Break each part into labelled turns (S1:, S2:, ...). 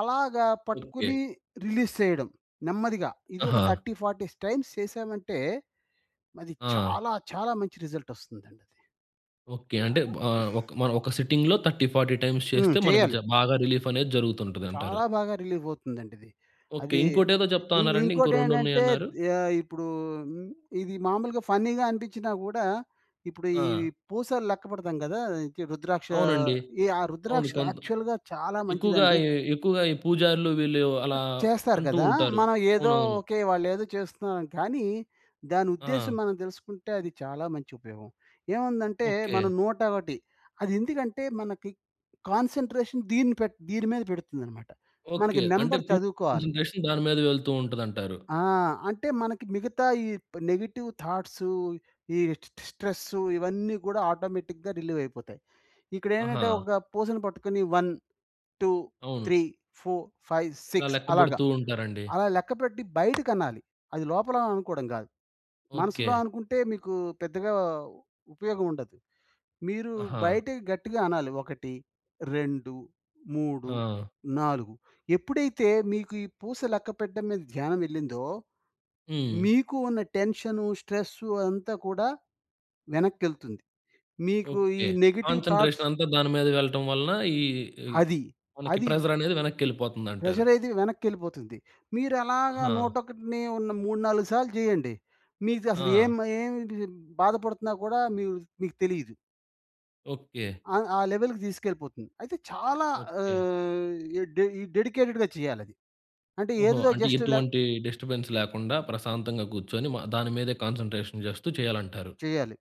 S1: అలాగా పట్టుకుని
S2: okay.
S1: Release సేయడం. నెమ్మదిగా ఇదొక
S2: ఆహా!
S1: 30, 40 టైమ్స్ చేసామంటే అది
S2: ఆ!
S1: చాలా చాలా మంచి రిజల్ట్ ఒస్తుందండది.
S2: ఓకే.
S1: ఆ
S2: అంటే ఆహ్, ఒక మనం ఒక్క సిట్టింగ్‌లో 30, 40 టైమ్స్
S1: హ్మ్.
S2: చేస్తే మనకి జ
S1: చెయ్యాలి.
S2: బాగా రిలీఫ్ అనేది జరుగుతుంటదంటారు.
S1: చాలా బాగా రిలీఫ్ అవుతుందండి ఇది.
S2: ఓకే.
S1: అది
S2: ఇంకోటేదో జెప్తా
S1: ఇంక్
S2: అన్నారండి, ఇంకో
S1: ఇంకోటేంటంటే
S2: రెండున్నాయిన్నారు.
S1: యహ్, ఇప్పుడు ఇది మామూలుగా ఫన్నీ‌గా అనిపించినా గూడా ఇప్పుడు ఈ
S2: ఆ!
S1: పూసలెక్క పెడతాం గదా! ఇంకి రుద్రాక్ష
S2: అవునండి.
S1: ఈ ఆ
S2: అవును.
S1: రుద్రాక్షలు
S2: కొంత్
S1: యాక్చువల్‌గా చాలా
S2: ఎక్కువగా
S1: మంచిదండి.
S2: ఈ ఎక్కువగా ఈ పూజారులు వీళ్ళు అలా
S1: చేస్తారు
S2: అంటూ
S1: గదా!
S2: ఉంటారు.
S1: మనం ఏదో
S2: అవునవును.
S1: ఓకే. వాళ్ళేదో చేస్తున్నారని. కానీ దాని ఉద్దేశ్యం
S2: ఆ!
S1: మనం తెలుసుకుంటే అది చాలా మంచి ఉపయోగం. ఏముందంటే
S2: ఓకే.
S1: మనం 101 అది ఎందుకంటే మనకి కాన్సంట్రేషన్ దీని పెట్ దీని మీద బెడుతుందన్నమాట. మనకి
S2: ఓకే. అంటే
S1: నంబర్
S2: పూర్తి
S1: చదువుకోవాలి.
S2: కాన్సంట్రేషన్ దాని మీద వెళ్తూ ఉంటదంటారు.
S1: ఆ! అంటే మనకి మిగతా ఈ నెగెటివ్ థాట్స్ ఈ స్టు స్ట్రెస్సు ఇవన్నీ గూడా ఆటోమేటిక్‌గా రిలీవ్ అయిపోతాయి. ఇక్కడేంటంటే
S2: ఆహా!
S1: ఒక పూసని పట్టుకొని వన్ టు
S2: అవును.
S1: త్రీ ఫోర్ ఫైవ్
S2: ఇలా
S1: సిక్స్
S2: లెక్క
S1: అలాగా.
S2: బెడుతూ ఉంటారండి.
S1: అలా లెక్కపెట్టి బయటికనాలి. అది లోపల అనుకోవడం గాదు. మనసులో
S2: ఓకే.
S1: అనుకుంటే మీకు పెద్దగా ఉపయోగం ఉండదు. మీరు
S2: ఆహా!
S1: బయటకి గట్టిగా అనాలి. ఒకటి రెండు మూడు
S2: ఆ!
S1: నాలుగు ఎప్పుడైతే మీకు ఈ పూస లెక్కపెట్టడం మీద ధ్యానం ఎళ్ళిందో
S2: హ్మ్.
S1: మీకు ఉన్న టెన్షను, స్ట్రెస్సు అంతా కూడా వెనక్కేళ్తుంది. మీకు ఈ
S2: ఓకే.
S1: నెగెటివ్ థాట్స్
S2: కాన్సంట్రేషన్ అంతా దాని మీద వెళ్ళటం వలన ఈ ఈ
S1: అది.
S2: మనకి
S1: అది.
S2: ప్రెజర్ అనేది వెనక్కి ఎళ్ళిపోతుందంటారు.
S1: ప్రెషరేది వెనక్కేళ్ళిపోతుంది. మీరు అలాగా
S2: ఆహ!
S1: నూటొకటిని ఉన్న 3, 4 సార్లు జేయండి. మీకు అసలు ఏం
S2: ఆ!
S1: ఏం బాధపడుతున్నా గూడా మీక్ మీకు తెలీదు.
S2: ఓకే.
S1: ఆ! ఆ లెవెల్‌కి దీసుకెళ్ళిపోతుంది.అయితే చాలా
S2: ఓకే.
S1: ఆహ్, ఈ డె ఈ డెడికేటెడ్‌గా చేయాలది. అంటే
S2: ఓహో!
S1: ఏదో
S2: అంటే
S1: జస్ట్ ఇలా
S2: ఎటువంటి డిస్టర్బెన్స్ లేకుండా ప్రశాంతంగా గూర్చొని మ దాని మీదే కాన్సంట్రేషన్ జేస్తూ చేయాలంటారు.
S1: చెయ్యాలి.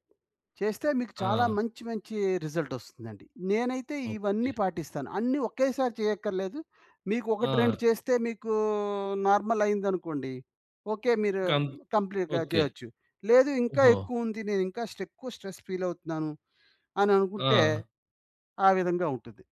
S1: చేస్తే మీకు చాలా
S2: ఆ!
S1: మంచి మంచి రిజల్ట్ ఒస్తుందండి. నేనైతే ఇవన్నీ
S2: ఓకే.
S1: పాటిస్తాను. అన్ని ఒకేసారి చేయక్కర్లేదు. మీకు ఒకటి
S2: ఆ!
S1: రెండు చేస్తే మీకు నార్మలయిందనుకోండి. ఓకే. మీరు
S2: కంత్
S1: కంప్లీట్‌గా
S2: ఓకే.
S1: జెయొచ్చు. లేదు ఇంకా
S2: ఓహో!
S1: ఎక్కువ ఉంది నేనింకా స్టేక్ ఎక్కువ స్ట్రెస్ ఫీలవుతున్నాను అని అనుకుంటే
S2: ఆ!
S1: ఆ విధంగా ఉంటది.